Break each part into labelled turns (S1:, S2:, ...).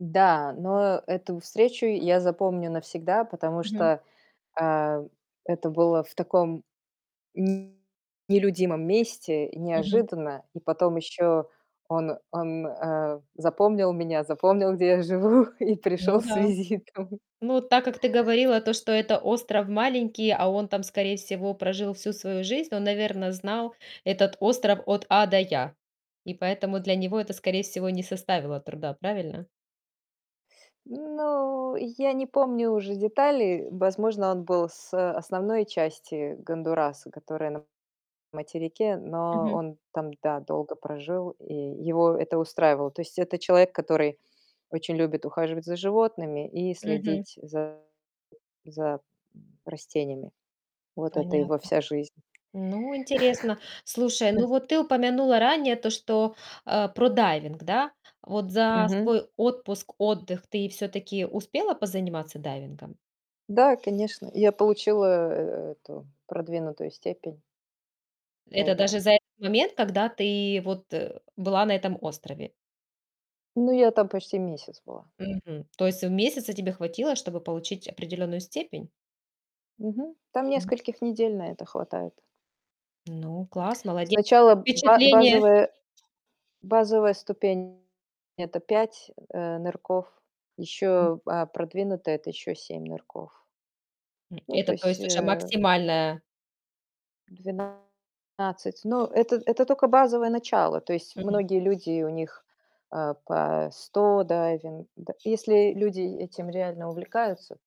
S1: Да, но эту встречу я запомню навсегда, потому
S2: Мгм.
S1: что, э, это было в таком м, нелюдимом месте и
S2: Мгм.
S1: неожиданно. И потом ещё он он, э, запомнил меня, запомнил, где я живу, и пришёл
S2: Ну
S1: с
S2: да.
S1: визитом.
S2: Ну, так как ты говорила то, что это остров маленький, а он там, скорее всего, прожил всю свою жизнь. Он, наверное, знал этот остров от А до Я. И поэтому для него это, скорее всего, не составило труда. Правильно?
S1: Ну, я не помню уже детали. Возможно, он был с основной части Гондураса, которая на материке, но
S2: Мгм.
S1: он там, да, долго прожил, и его это устраивало. То есть это человек, который очень любит ухаживать за животными и
S2: Мгм.
S1: следить за за, м, растениями. Вот это его
S2: Понятно.
S1: вся жизнь.
S2: Ну, интересно. Слушай, ну вот ты упомянула ранее то, что, а, про дайвинг, да? Вот за
S1: Мгм.
S2: свой отпуск, отдых ты всё-таки успела позаниматься дайвингом?
S1: Да, конечно. Я получилааа э эту продвинутую степень.
S2: Это
S1: Дайвера.
S2: даже за этот момент, когда ты вот, э, была на этом острове.
S1: Ну, я там почти месяц была.
S2: Мгм. То есть месяца тебе хватило, чтобы получить определённую степень?
S1: Мгм. Там
S2: М.
S1: нескольких недель на это хватает.
S2: Ну, класс, молодец! Как
S1: Сначала ба
S2: впечатления?
S1: базовая базовая ступень- это 5, э, нырков,
S2: Мгм.
S1: ещё, а, продвинутая- это ещё 7 нырков.
S2: М,
S1: Ну, то
S2: это, то
S1: есть,
S2: есть, уже
S1: э
S2: максимальная?
S1: 12. Но это это только базовое начало. То есть
S2: Мгм.
S1: многие люди, у них, э, по 100 дайвин д если люди этим реально увлекаются,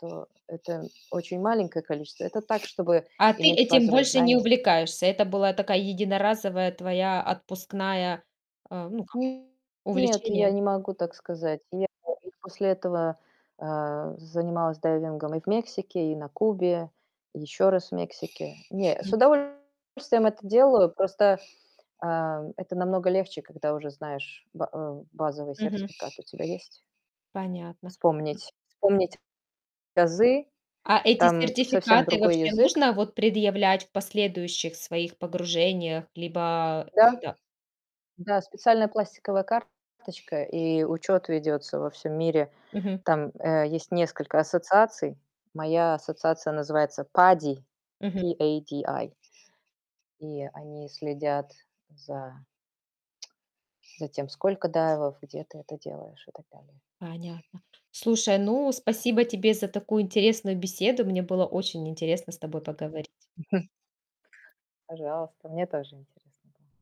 S1: то это очень маленькое количество. Это так, чтобы
S2: А ты
S1: иметь
S2: этим
S1: базовые
S2: больше не
S1: знания.
S2: увлекаешься. Это была такая единоразовая твоя отпускная а, ну, как,
S1: М, нет, я
S2: увлечение.
S1: не могу так сказать. Я даже после этого, э, занималась дайвингом и в Мексике, и на Кубе, и ещё раз в Мексике. Не, с
S2: Мгм.
S1: удовольствием это делаю. Просто, а, это намного легче, когда уже знаешь, ба э, базовый
S2: Мгм.
S1: сертификат у тебя есть.
S2: Понятно. М.
S1: Вспомнить вспомнить азы.
S2: А эти
S1: Там совсем
S2: сертификаты
S1: другой
S2: вообще
S1: язык.
S2: нужно вот предъявлять в последующих своих погружениях, либо
S1: Да.
S2: это?
S1: Да, специальная пластиковая карточка и учёт ведётся во всём мире.
S2: Мгм.
S1: Там, э, есть несколько ассоциаций. Моя ассоциация называется PADI,
S2: Мгм.
S1: P-A-D-I И они следят за за тем, сколько дайвов, где ты это делаешь, и так далее.
S2: Понятно. Слушай, ну,
S1: Вот.
S2: спасибо тебе за такую интересную беседу. Мне было очень интересно с тобой поговорить.
S1: Пожалуйста. Мне тоже интересно было.